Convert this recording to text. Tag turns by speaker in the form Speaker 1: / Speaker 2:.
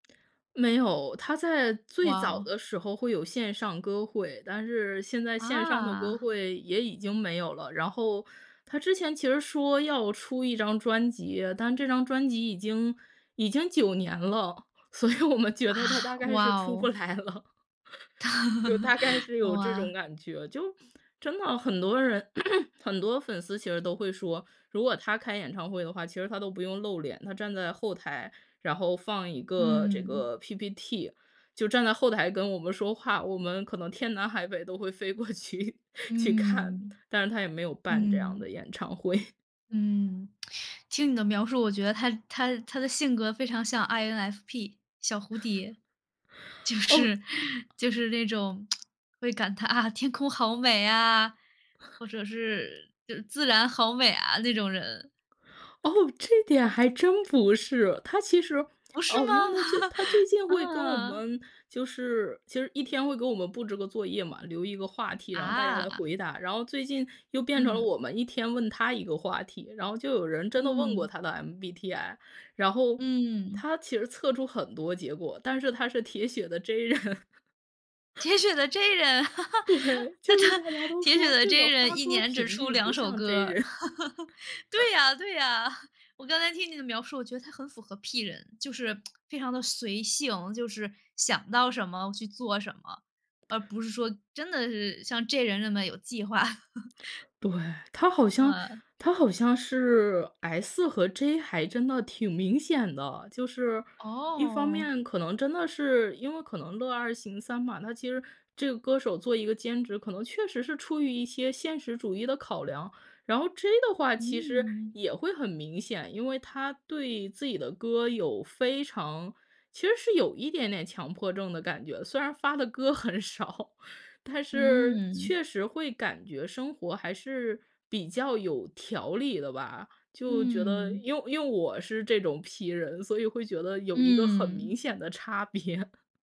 Speaker 1: 没有。他在
Speaker 2: 哇
Speaker 1: 最早
Speaker 2: 哦。
Speaker 1: 的时候会有线上歌会，但是现在线上的歌
Speaker 2: 啊。
Speaker 1: 会也已经没有了。然后，他之前其实说要出一张专辑，但这张专辑已经已经9年了，所以我们觉
Speaker 2: 啊，
Speaker 1: 得它大概是
Speaker 2: 哇
Speaker 1: 出不
Speaker 2: 哦。
Speaker 1: 来了。就大概 是有这
Speaker 2: 哇。
Speaker 1: 种感觉。就真的很多人 很多粉丝其实都会说，如果他开演唱会的话，其实他都不用露脸，他站在后台，然后放一个这
Speaker 2: 嗯。
Speaker 1: 个 PPT，就站在后台跟我们说话，我们可能天南海北都会飞过去去看，
Speaker 2: 嗯。
Speaker 1: 但是他也没有办这样的
Speaker 2: 嗯。
Speaker 1: 演唱会。
Speaker 2: 嗯。听你的描述，我觉得他他他的性格非常像 INFP，小蝴蝶。就
Speaker 1: 哦。
Speaker 2: 是就是那种 会感叹，啊，天空好美啊，或者是是自然好美啊，那种人。
Speaker 1: 哦，这点还真不是。他其实
Speaker 2: 不是
Speaker 1: 哦，因为他最
Speaker 2: 吗？
Speaker 1: 他最 近会跟我
Speaker 2: 啊。
Speaker 1: 们就是其实一天会给我们布置个作业嘛，留一个话题，然后大家来
Speaker 2: 啊。
Speaker 1: 回答。然后最近又变成了
Speaker 2: 嗯。
Speaker 1: 我们一天问他一个话题，然后就有人真的问过
Speaker 2: 嗯。
Speaker 1: 他的 MBTI，然后
Speaker 2: 嗯。
Speaker 1: 他其实测出很多结果，但是他是铁血的 J 人。
Speaker 2: 铁血的 J 人。
Speaker 1: 对，
Speaker 2: 那
Speaker 1: 就是
Speaker 2: 他
Speaker 1: 大家都
Speaker 2: 铁血
Speaker 1: 说
Speaker 2: 的
Speaker 1: 这
Speaker 2: J
Speaker 1: 个发
Speaker 2: 人1
Speaker 1: 歌
Speaker 2: 年只
Speaker 1: 频
Speaker 2: 出
Speaker 1: 率不
Speaker 2: 2首
Speaker 1: 像 J
Speaker 2: 歌。
Speaker 1: 人。
Speaker 2: 对呀对呀，我刚才听你的描述，我觉得他很符合 P 人，就是 非常地随性，就是想到什么去做什么，而不是说真的是像 J 人那么有计划。
Speaker 1: 对，他好像
Speaker 2: 嗯。
Speaker 1: 他好像是 S 和 J 还真的挺明显的。就是，一方
Speaker 2: 哦。
Speaker 1: 面可能真的是因为可能乐二行三嘛，他其实这个歌手做一个兼职，可能确实是出于一些现实主义的考量。然后 J 的话，其实
Speaker 2: 嗯。
Speaker 1: 也会很明显，因为他对自己的歌有非常其实是有一点点强迫症的感觉。虽然发的歌很少，但是
Speaker 2: 嗯。
Speaker 1: 确实会感觉生活还是比较有条理的吧。就觉得，
Speaker 2: 嗯。
Speaker 1: 因为因为我是这种 P 人，所以会觉得有一个很
Speaker 2: 嗯。
Speaker 1: 明显的差别。